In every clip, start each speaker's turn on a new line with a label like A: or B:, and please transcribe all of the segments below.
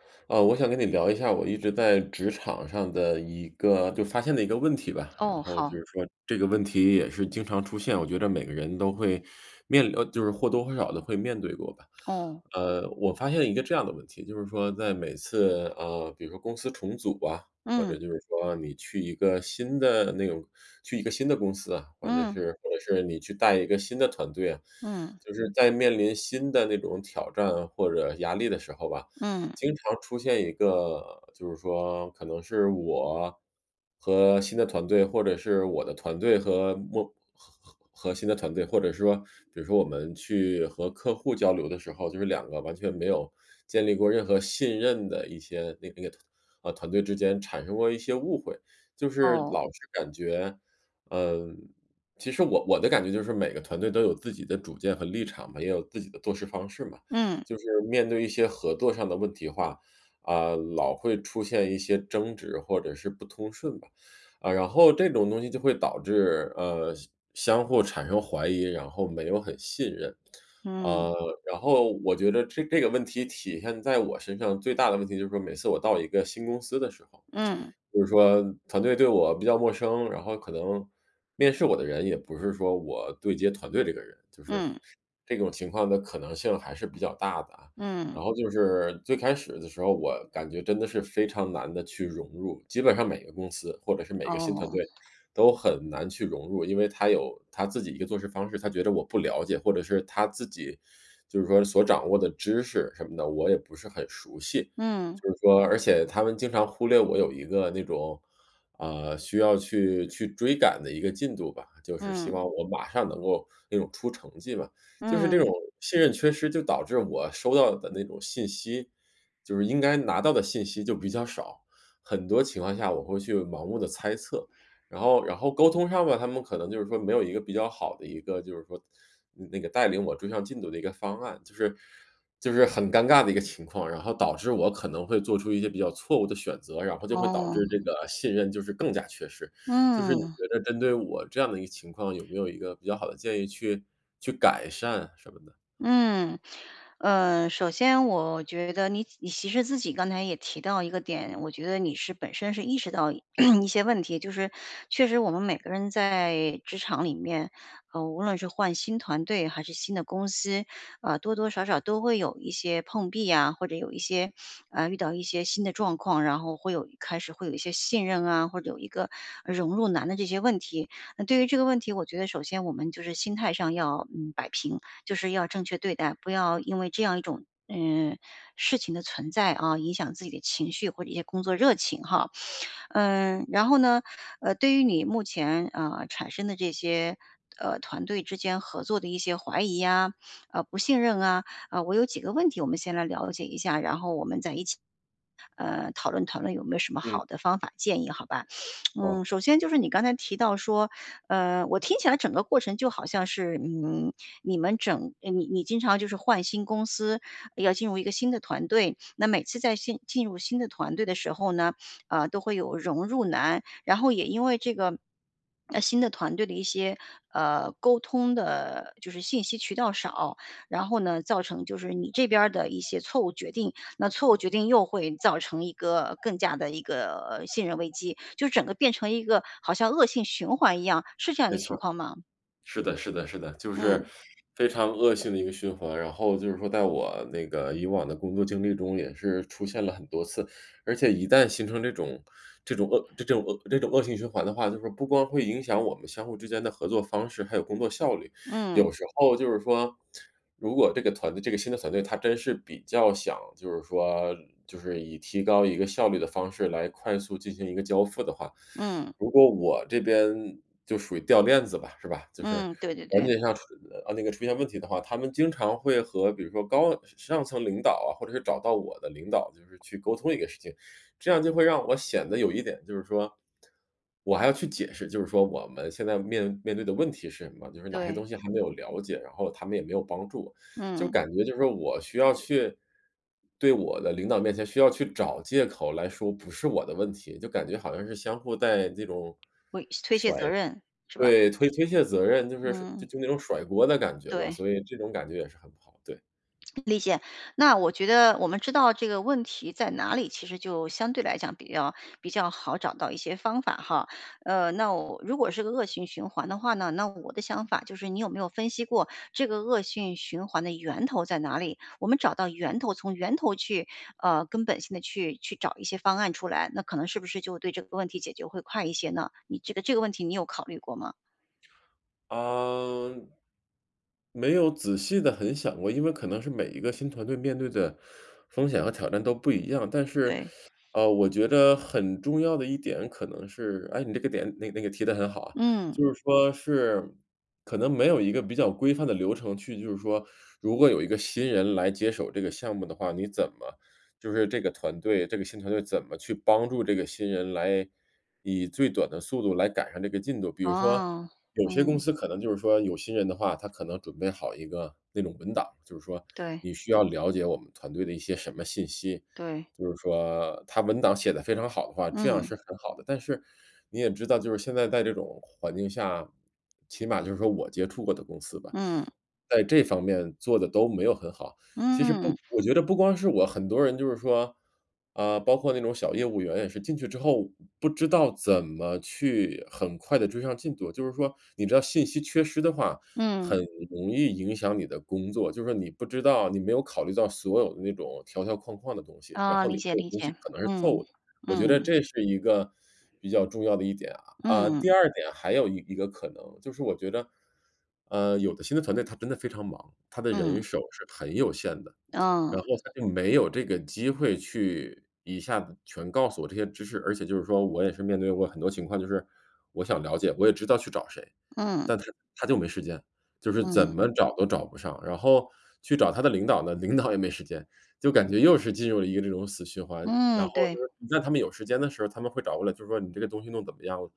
A: 啊，我想跟你聊一下我一直在职场上的一个就发现的一个问题吧。然
B: 哦，
A: 后就
B: 好。
A: 是说这个问题也是经常出现，我觉着每个人都会 面临呃，就是或多或少地会面对过吧。
B: 哦。
A: 呃，我发现一个这样的问题，就是说在每次，啊，比如说公司重组啊，或
B: 嗯。
A: 者就是说你去一个新的那种去一个新的公司啊，反正
B: 嗯。
A: 是或者是你去带一个新的团队啊，
B: 嗯。
A: 就是在面临新的那种挑战或者压力的时候吧，
B: 嗯。
A: 经常出现一个就是说可能是我和新的团队，或者是我的团队和莫和和和新的团队，或者说比如说我们去和客户交流的时候，就是2个完全没有建立过任何信任的一些那个那个团呃，团队之间产生过一些误会。就是
B: 哦。
A: 老是感觉嗯，其实我我的感觉就是每个团队都有自己的主见和立场嘛，也有自己的做事方式嘛。
B: 嗯。
A: 就是面对一些合作上的问题化，啊，老会出现一些争执或者是不通顺吧。啊，然后这种东西就会导致，呃，相相互产生怀疑，然后没有很信任。
B: 嗯。
A: 啊，然后我觉得这这个问题体现在我身上，最大的问题就是说每次我到一个新公司的时候，
B: 嗯。
A: 就是说团队对我比较陌生，然后可能面试我的人也不是说我对接团队这个人，就是
B: 嗯。
A: 这种情况的可能性还是比较大的啊。
B: 嗯。
A: 然后就是最开始的时候，我感觉真的是非常难地去融入，基本上每个公司或者是每个新团
B: 哦。
A: 队，都很难去融入。因为他有他自己一个做事方式，他觉着我不了解，或者是他自己 就是说所掌握的知识什么的，我也不是很熟悉。
B: 嗯。
A: 就是说而且他们经常忽略我有一个那种，啊，需要去去追赶的一个进度吧，就是希
B: 嗯。
A: 望我马上能够那种出成绩嘛。就是这种
B: 嗯。
A: 信任缺失就导致我收到的那种信息，就是应该拿到的信息就比较少，很多情况下我会去盲目地猜测。然后然后沟通上吧，他们可能就是说没有一个比较好的一个就是说那那个带领我追上进度的一个方案，就是就是很尴尬的一个情况。然后导致我可能会做出一些比较错误的选择，然后就会导致
B: 哦。
A: 这个信任就是更加缺失。就是你
B: 嗯。
A: 觉得针对我这样的一个情况，有没有一个比较好的建议去去改善什么的？
B: 嗯，呃，首先我觉得你你其实自己刚才也提到一个点，我觉得你是本身是意识到一 一些问题。就是确实我们每个人在职场里面，呃，无论是换新团队还是新的公司，呃，多多少少都会有一些碰壁呀，或者有一些，呃，遇到一些新的状况，然后会有开始会有一些信任啊，或者有一个，呃，融入难的这些问题。那对于这个问题，我觉得首先我们就是心态上要，嗯，摆平，就是要正确对待，不要因为这样一种，呃，事情的存在，啊，影响自己的情绪或者一些工作热情哈。嗯，然后呢，呃，对于你目前，啊，产生的这些，呃，团队之间合作的一些怀疑啊，啊，不信任啊，啊，我有几个问题，我们先来了解一下，然后我们再一起，呃，讨论讨论有没有什么
A: 嗯。
B: 好的方法建议，好吧？
A: 哦。
B: 嗯，首先就是你刚才提到说呃，我听起来整个过程就好像是，嗯，你们整呃，你你经常就是换新公司，呃，要进入一个新的团队，那每次在新进入新的团队的时候呢，呃，都会有融入难，然后也因为这个 呃，新的团队的一些，呃，沟通的就是信息渠道少，然后呢造成就是你这边儿的一些错误决定，那错误决定又会造成一个更加的一个信任危机。就整个变成一个好像恶性循环一样，是这样一
A: 没
B: 个
A: 错
B: 情
A: 儿。
B: 况吗？
A: 是的是的是的，就是
B: 嗯。
A: 非常恶性的一个循环，然后就是说在我那个以往的工作经历中也是出现了很多次。而且一旦形成这种这种恶这这种恶这种恶性循环的话，就是说不光会影响我们相互之间的合作方式，还有工作效率，
B: 嗯。
A: 有时候就是说如果这个团队这个新的团队，它真是比较想就是说就是以提高一个效率的方式来快速进行一个交付的话，
B: 嗯。
A: 如果我这边就属于掉链子吧，是吧？就是
B: 嗯，对对
A: 环
B: 对。
A: 节上出啊，那个出现问题的话，他们经常会和比如说高上上层领导啊、或者是找到我的领导就是去沟通一个事情。这样就会让我显得有一点就是说我还要去解释，就是说我们现在面面对的问题是什么？就是哪些
B: 对。
A: 东西还没有了解，然后他们也没有帮助。就
B: 嗯。
A: 感觉就是说我需要去对我的领导面前需要去找借口来说不是我的问题，就感觉好像是相互在这种
B: 会卸推卸
A: 甩
B: 责任，是吧？
A: 对，推推卸责任，就是甩
B: 嗯。
A: 就就那种甩锅的感觉吧，
B: 对。
A: 所以这种感觉也是很不好，对。
B: 理解。那我觉得我们知道这个问题在哪里，其实就相对来讲比较比较好找到一些方法哈，呃，那如果是个恶性循环的话呢，那我的想法就是你有没有分析过这个恶性循环的源头在哪里？我们找到源头，从源头去，呃，根本性地去去找一些方案出来，那可能是不是就对这个问题解决会快一些呢？你这个这个问题你有考虑过吗？
A: 呃，没有仔细地很想过，因为可能是每一个新团队面对的风险和挑战都不一样，但是，
B: 对。
A: 呃，我觉得很重要的一点可能是，哎，你这个点那个提得很好啊，
B: 嗯。
A: 就是说是可能没有一个比较规范的流程去就是说如果有一个新人来接手这个项目的话，你怎么就是这个团队这个新团队怎么去帮助这个新人来以最短的速度来赶上这个进度。比如说
B: 哦，
A: 有些公
B: 嗯。
A: 司可能就是说有心人的话，他可能准备好一个那种文档，就是说
B: 对。
A: 你需要了解我们团队的一些什么信息，
B: 对。
A: 就是说他文档写得非常好的话，这样
B: 嗯。
A: 是很好的，但是你也知道就是现在在这种环境下，起码就是说我接触过的公司吧，
B: 嗯。
A: 在这方面做得都没有很好。其实
B: 嗯。
A: 不 我觉得不光是我，很多人就是说啊，包括那种小业务员也是进去之后，不知道怎么去很快地追上进度，就是说你知道信息缺失的话，
B: 嗯。
A: 很容易影响你的工作，就是说你不知道你没有考虑到所有的那种条条框框的东西，然
B: 哦，
A: 后你
B: 理解
A: 这个
B: 理
A: 东西
B: 解，
A: 可能是错误
B: 嗯，
A: 的，我觉得
B: 嗯。
A: 这是一个比较重要的一点啊，啊，
B: 嗯。
A: 第2点还有一个可能就是我觉得，呃，有的新的团队他真的非常忙，他的人
B: 嗯。
A: 手是很有限的，
B: 嗯。
A: 然后他就没有这个机会去一下子全告诉我这些知识，而且就是说我也是面对过很多情况，就是我想了解，我也知道去找谁，
B: 嗯。
A: 但是，他就没时间，就是怎
B: 嗯。
A: 么找都找不上，然后去找他的领导呢，领导也没时间，就感觉又是进入了一个这种死循环，然
B: 嗯，
A: 后就
B: 对。
A: 是你在他们有时间的时候，他们会找过来，就说你这个东西弄怎么样了？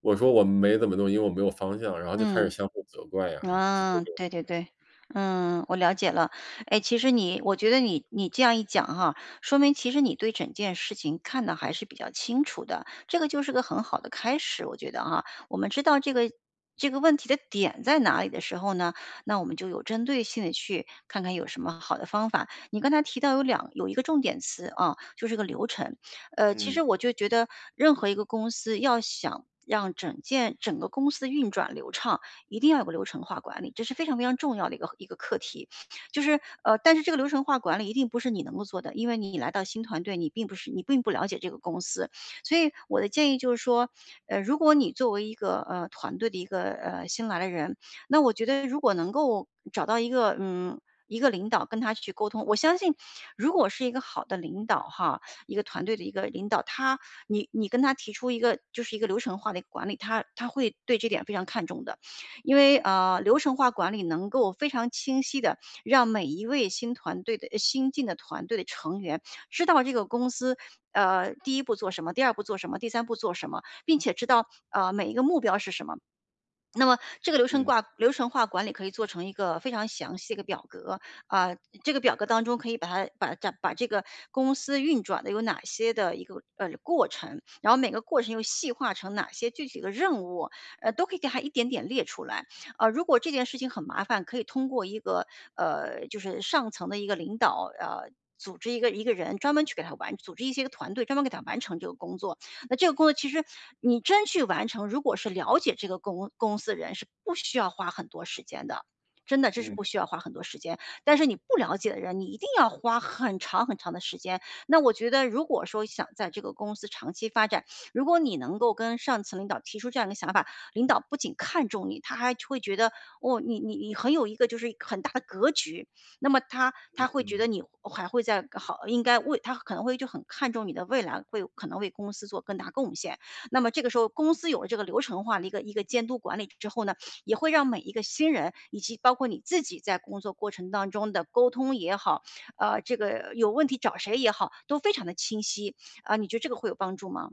A: 我说我没怎么弄，因为我没有方向，然后就开始
B: 嗯。
A: 相互责怪啊。就
B: 啊，
A: 这样，
B: 对对
A: 嗯。
B: 对，嗯，我了解了。哎，其实你我觉得你你这样一讲哈，说明其实你对整件事情看得还是比较清楚的，这个就是个很好的开始，我觉得哈。我们知道这个这个问题的点在哪里的时候呢，那我们就有针对性地去看看有什么好的方法，你刚才提到有2有一个重点词啊，就是个流程，呃，其
A: 嗯。
B: 实我就觉得任何一个公司要想让整件整个公司运转流畅，一定要有个流程化管理，这是非常非常重要的一个一个课题。就是呃，但是这个流程化管理一定不是你能够做的，因为你来到新团队，你并不是你并不了解这个公司，所以我的建议就是说，呃，如果你作为一个，呃，团队的一个，呃，新来的人，那我觉得如果能够找到一个，嗯，一个领导跟他去沟通。我相信如果是一个好的领导哈，一个团队的一个领导，他你你跟他提出一个就是一个流程化的一个管理，他他会对这点非常看重的，因为，啊，流程化管理能够非常清晰地让每一位新团队的呃新进的团队的成员知道这个公司，呃，第1步做什么，第2步做什么，第3步做什么，并且知道啊每一个目标是什么。那么这个流程
A: 嗯。
B: 化流程化管理可以做成一个非常详细的一个表格，啊，这个表格当中可以把它把把这个公司运转的有哪些的一个，哎，过程，然后每个过程又细化成哪些具体的任务，哎都可以给它一点点列出来，啊，如果这件事情很麻烦，可以通过一个，呃，就是上层的一个领导啊组织一个一个人专门去给它完组织一些个团队专门给他完成这个工作。那这个工作其实你真去完成，如果是了解这个公公司的人是不需要花很多时间的，真的，这是
A: 嗯。
B: 不需要花很多时间，但是你不了解的人，你一定要花很长很长的时间，那我觉得如果说想在这个公司长期发展，如果你能够跟上层领导提出这样的想法，领导不仅看中你，他还会觉得-哦，你你你很有一个就是很大的格局，那么他他会觉
A: 嗯。
B: 得你还会再好，应该为他可能会就很看重你的未来，会有可能为公司做更大贡献。那么这个时候公司有了这个流程化的一个一个监督管理之后呢，也会让每一个新人以及包括你自己在工作过程当中的沟通也好，啊，这个有问题找谁也好都非常地清晰，啊，你觉得这个会有帮助吗？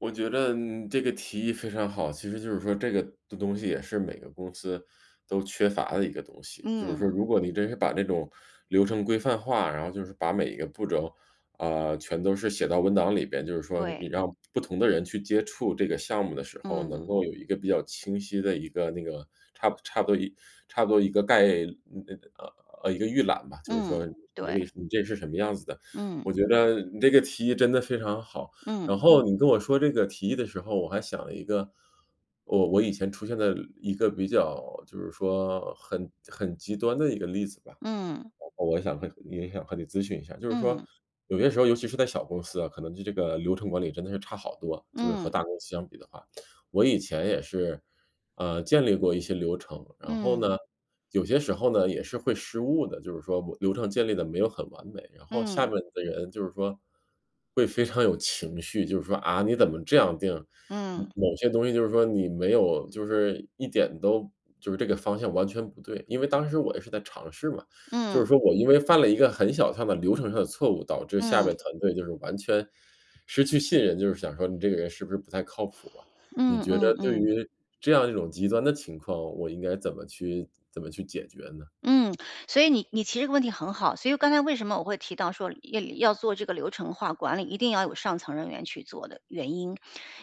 A: 我觉得你这个提议非常好！其实就是说这个东西也是每个公司都缺乏的一个东西。就是说
B: 嗯。
A: 如果你真是把这种流程规范化，然后就是把每一个步骤，啊，全都是写到文档里边，就是说你
B: 对。
A: 让不同的人去接触这个项目的时候，
B: 嗯。
A: 能够有一个比较清晰的一个那个差差不多差不多一个概嗯呃一个预览吧，就是
B: 嗯，
A: 说你这个
B: 对。
A: 你这是什么样子的。
B: 嗯。
A: 我觉得你这个提议真的非常好！然
B: 嗯。
A: 后你跟我说这个提议的时候，我还想了一个，我我以前出现的一个比较就是说很很极端的一个例子吧。
B: 嗯。
A: 然后我想和也想和你咨询一下，就是说
B: 嗯。
A: 有些时候尤其是在小公司啊，可能对这个流程管理真的是差好多，就是和
B: 嗯。
A: 大公司相比的话。我以前也是，呃，建立过一些流程，然后
B: 嗯。
A: 呢，有些时候呢也是会失误的，就是说我流程建立的没有很完美。然后下
B: 嗯。
A: 面的人就是说，会非常有情绪，就是说，啊，你怎么这样定？
B: 嗯。
A: 某些东西就是说你没有就是一点都就是这个方向完全不对。因为当时我也是在尝试嘛，就
B: 嗯。
A: 是说我因为犯了一个很小上的流程上的错误，导致下
B: 嗯。
A: 边团队就是完全失去信任，就是想说你这个人是不是不太靠谱啊。你
B: 嗯
A: 觉
B: 嗯
A: 得对
B: 嗯。
A: 于这样一种极端的情况，我应该怎么去怎么去解决呢？
B: 嗯，所以你你提这个问题很好。所以刚才为什么我会提到说，要要做这个流程化管理，一定要有上层人员去做的原因。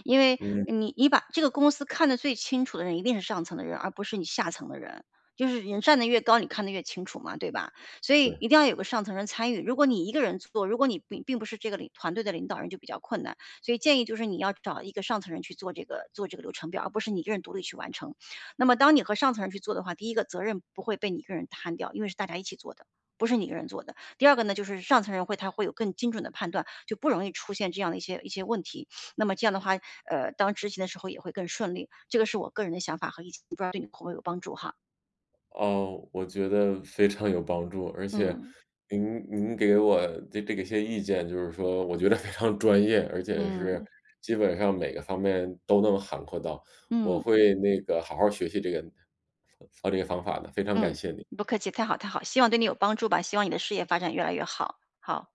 B: 因为
A: 嗯。
B: 你你把这个公司看得最清楚的人一定是上层的人，而不是你下层的人。就是人站得越高，你看得越清楚嘛！对吧，所以
A: 对。
B: 一定要有个上层人参与。如果你一个人去做，如果你并并不是这个团队的领导人就比较困难。所以建议就是你要找一个上层人，去做这个做这个流程表，而不是你一个人独立去完成。那么当你和上层人去做的话，第1个责任不会被你1个人摊掉，因为是大家一起做的，不是你1个人做的。第2个呢，就是上层人会他会有更精准地判断，就不容易出现这样的一些一些问题。那么这样的话，呃，当执行的时候也会更顺利，这个是我个人的想法和不知道对你会有帮助哈。
A: 噢，我觉得非常有帮助。而且
B: 嗯。
A: 您您给我的这个些意见，就是说我觉得非常专业，而且是
B: 嗯。
A: 基本上每个方面都能涵括到，我
B: 嗯。
A: 会那个好好学习这个这个方法的，非常感
B: 嗯，
A: 谢你。
B: 不客气，太好太好，希望对你有帮助吧，希望你的事业发展越来越好，好。